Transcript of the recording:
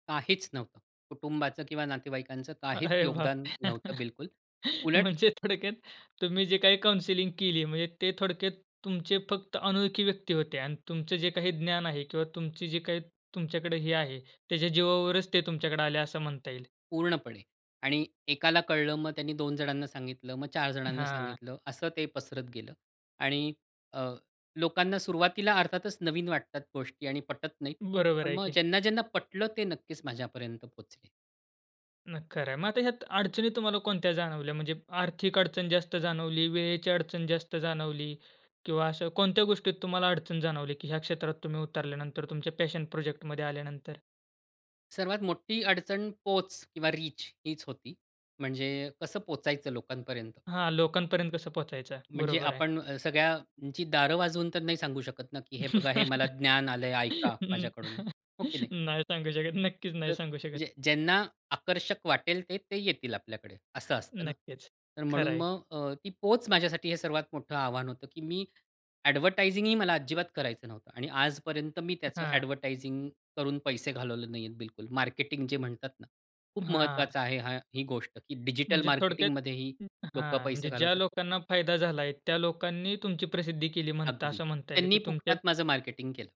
काहीच नव्हतं. कुटुंबाचं किंवा नातेवाईकांचं काहीच अरे योगदान बापरे! नव्हतं, बिलकुल. उलट म्हणजे थोडक्यात, तुम्ही जे काही काउंसलिंग केली, म्हणजे ते थोडक्यात तुमचे फक्त अनोळखी व्यक्ती होते अन् तुमचं जे काही ज्ञान आहे किंवा तुमची जी काही तुमच्याकडे हे आहे, त्याच्या जीवावरच ते तुमच्याकडे आले, असं म्हणता येईल. पूर्णपणे आणि एकाला कळलं, मग त्यांनी 2 जणांना सांगितलं, मग 4 जणांना हां. सांगितलं, असं ते पसरत गेलं आणि अ, लोकांना सुरुवातीला अर्थातच नवीन वाटतात गोष्टी आणि पटत नाहीत. बरोबर पण आहे मग की. ज्यांना-ज्यांना पटलं, ते नक्कीच माझ्यापर्यंत पोहचले. [unintelligible] खरं आहे. मग आता ह्यात अडचणी तुम्हाला कोणत्या जाणवल्या? म्हणजे आर्थिक अडचण जास्त जाणवली, वेळेची अडचण जास्त जाणवली किंवा असं कोणत्या गोष्टीत तुम्हाला अडचण जाणवली की ह्या क्षेत्रात तुम्ही उतरल्यानंतर, तुमच्या पॅशन प्रोजेक्टमध्ये आल्यानंतर? सर्वात मोठी अडचण पोच किंवा रीच हीच होती. म्हणजे कसं पोहचायचं लोकांपर्यंत? हां, लोकांपर्यंत कसं पोहचायचं म्हणजे बरोबर आहे. आपण अ, सगळ्यांची दार वाजवून तर नाही सांगू शकत ना, की "हे बघा, हे मला ज्ञान आलं आहे, ऐका हं. माझ्याकडून." हो की नाही? नाही सांगू शकत, नक्कीच तर नाही सांगू शकत. म्हणजे ज्यांना आकर्षक वाटेल ते, ते येतील आपल्याकडे, असं असतं ना? नक्कीच, तर खरं म्हणून आहे. मग अ, ती पोच माझ्यासाठी हे सर्वात मोठं आव्हान होतं, की मी ॲडव्हर्टायझिंगही मला अजिबात करायचं नव्हतं आणि आजपर्यंत मी त्याचं हां. ॲडव्हर्टायझिंग करून पैसे घालवले नाही आहेत बिलकुल, मार्केटिंग जे म्हणतात ना, खूप हां. महत्त्वाचं आहे हा ही गोष्ट की डिजिटल म्हणजे थोडक्यात मार्केटिंगमध्येही लोकं हां, पैसे म्हणजे ज्या घालवतात. लोकांना फायदा झाला आहे त्या लोकांनी तुमची प्रसिद्धी केली, म्हणता अगदी, असं म्हणता येईल की त्यांनी तुमच्यात फुकटात माझं मार्केटिंग केलं.